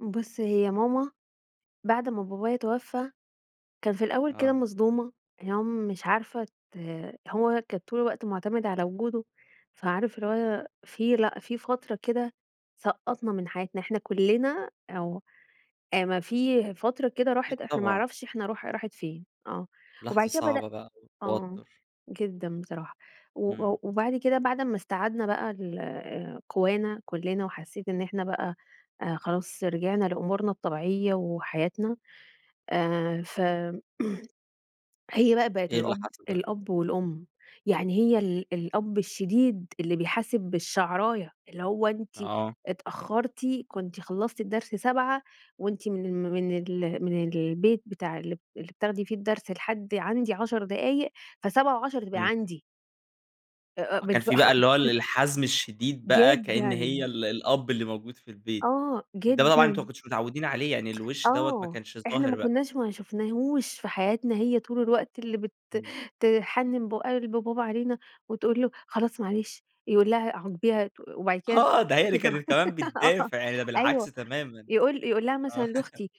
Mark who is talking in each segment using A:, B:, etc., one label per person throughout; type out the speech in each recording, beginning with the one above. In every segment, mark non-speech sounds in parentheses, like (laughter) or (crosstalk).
A: بُص، هي ماما بعد ما بابايا توفى، كان في الأول كده
B: آه.
A: مصدومة اللي هو مش عارفة ت هو كان طول الوقت معتمد على وجوده، فعارف اللي هو في، لأ، في فترة كده سقطّنا من حياتنا، إحنا كلنا آه. أ م في فترة كده
B: أكيد،
A: راحت إحنا ما
B: طبعًا.
A: نعرفش إحنا راح راحت فين. آه، وبعد
B: لحظة
A: كده بدأ
B: صعبة بقى
A: آه،
B: والتوتر.
A: جدًا بصراحة و
B: إمم.
A: وبعد كده بعد ما استعدنا بقى ال قوانا كلنا، وحسيت إن إحنا بقى خلاص رجعنا لأمورنا الطبيعية وحياتنا، آآ، ف (clears throat) هي بقى بقت
B: إيه اللي
A: الأب
B: حصل بقى؟
A: الأب والأم. يعني هي ال الأب الشديد اللي بيحاسب بالشعراية، اللي هو أنتِ
B: آه.
A: اتأخرتِ، كنتِ خلصتِ الدرس 7 وأنتِ من ال من ال من البيت بتاع ال اللي بتاخدي فيه الدرس لحد عندي 10 دقايق ف07:10 تبقي
B: إمم.
A: عندي. آآ، آآ،
B: أ
A: بالض
B: كان فيه بقى
A: (chuckles)
B: اللي هو ال الحزم الشديد بقى كأن هي
A: جدًا.
B: ال الأب اللي موجود في البيت.
A: آه،
B: ده طبعًا أنتم ما
A: جدًا.
B: كنتوش متعودين عليه، يعني الوش دوّة ما
A: آه.
B: كانش
A: إحنا ما
B: ظاهر بقى؟
A: كناش ما شفناهوش في حياتنا، هي طول الوقت اللي بت
B: إمم.
A: تحنن ب قلب بابا علينا وتقول له: "خلاص معلش." يقول لها: "عاقبيها." تق وبعد كده
B: آه، ده هي اللي كانت كمان
A: (unintelligible) آه،
B: بتدافع، يعني ده بالعكس
A: أيوه.
B: تمامًا.
A: يقول يقول لها مثلًا
B: آه. (chuckles)
A: لأختي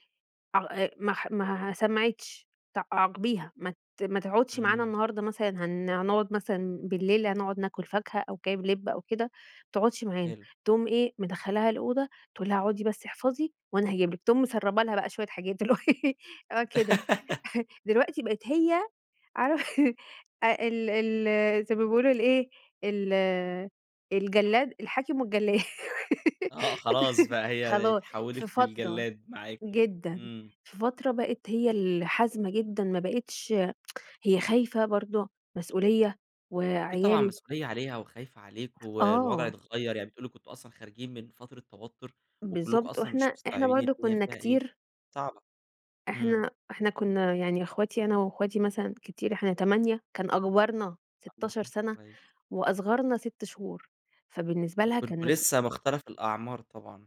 A: ع ما ما سمعتش ت عاقبيها، ما ت ما تقعدش معانا
B: إمم.
A: النهارده مثلًا هن هنقعد مثلًا بالليل، هنقعد ناكل فاكهة أو جايب لب أو كده، ما تقعدش معانا.
B: حلو.
A: تقوم إيه، مدخلاها الأوضة تقول لها اقعدي بس احفظي وأنا هاجيب لِك، تقوم مسربة لها بقى شوية حاجات (laughs) اللي هو إيه آه، كده.
B: (giggles)
A: (chuckles) دلوقتي بقيت هي عار (chuckles) ال ال زي ما بيقولوا الإيه، ال الجلاد الحاكم والجلاد.
B: آه، خلاص بقى
A: (laughs)
B: هي
A: خلاص. في
B: اتحولت
A: فترة
B: للجلاد معاكم.
A: جدًا،
B: إمم.
A: في فترة بقيت هي الحازمة جدًا، ما بقيتش (tsk) هي خايفة برضو، مسئولية
B: أكيد طبعًا
A: وعيال
B: مسئولية عليها وخايفة عليكم والوضع
A: آه.
B: اتغير، يعني بتقولوا كنتم أصلًا خارجين من فترة توتر وكلكم
A: بالضبط
B: أصلًا مش
A: وإحنا إحنا
B: مستوعبين
A: برضو
B: الدنيا
A: كنا
B: فيها إيه.
A: كتير
B: صعبة. إمم.
A: إحنا إحنا كنا يعني أخواتي أنا وأخواتي مثلًا كتير. إحنا 8 كان أكبرنا 16
B: (unintelligible)
A: سنة،
B: كويس.
A: وأصغرنا 6 شهور. فبالنسبة لها كان
B: كنتم
A: مس
B: لسه مختلَف الأعمار طبعًا.